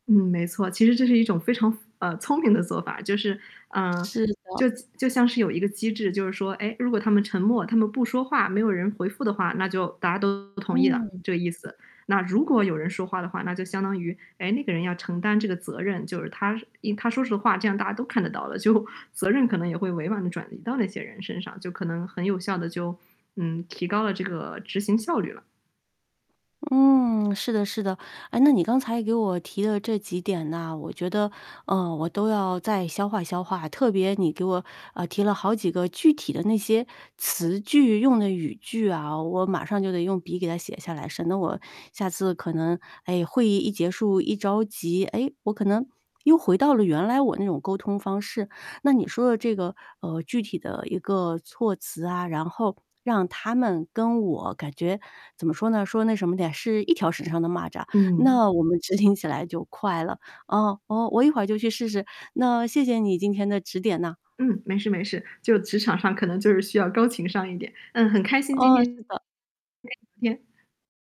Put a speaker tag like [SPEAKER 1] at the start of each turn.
[SPEAKER 1] 嗯，没错。其实这是一种非常符呃，聪明的做法，就是，嗯，
[SPEAKER 2] 是的。
[SPEAKER 1] 就就像是有一个机制，就是说，诶，如果他们沉默，他们不说话，没有人回复的话，那就大家都同意了，
[SPEAKER 2] 嗯。
[SPEAKER 1] 这个意思。那如果有人说话的话，那就相当于，诶，那个人要承担这个责任，就是他一他说实话，这样大家都看得到的，就，责任可能也会委婉地转移到那些人身上，就可能很有效地就，嗯，提高了这个执行效率了。
[SPEAKER 2] 嗯，是的是的。啊，那你刚才给我提的这几点呐，我觉得，呃，我都要再消化消化，特别你给我，呃，提了好几个具体的那些词句用的语句啊，我马上就得用笔给它写下来，省得我下次可能，哎，会议一结束一着急，诶，我可能又回到了原来我那种沟通方式。那你说的这个，呃，具体的一个措辞啊，然后让他们跟我感觉怎么说呢，说那什么点，是一条绳上的蚂蚱，
[SPEAKER 1] 嗯。
[SPEAKER 2] 那我们执行起来就快了。啊，呃，我一会就去试试，那谢谢你今天的指点呢。
[SPEAKER 1] 嗯，没事没事。就职场上可能就是需要高情商一点，嗯，很开心今
[SPEAKER 2] 哦，
[SPEAKER 1] 天跟你
[SPEAKER 2] 是的。
[SPEAKER 1] 聊天。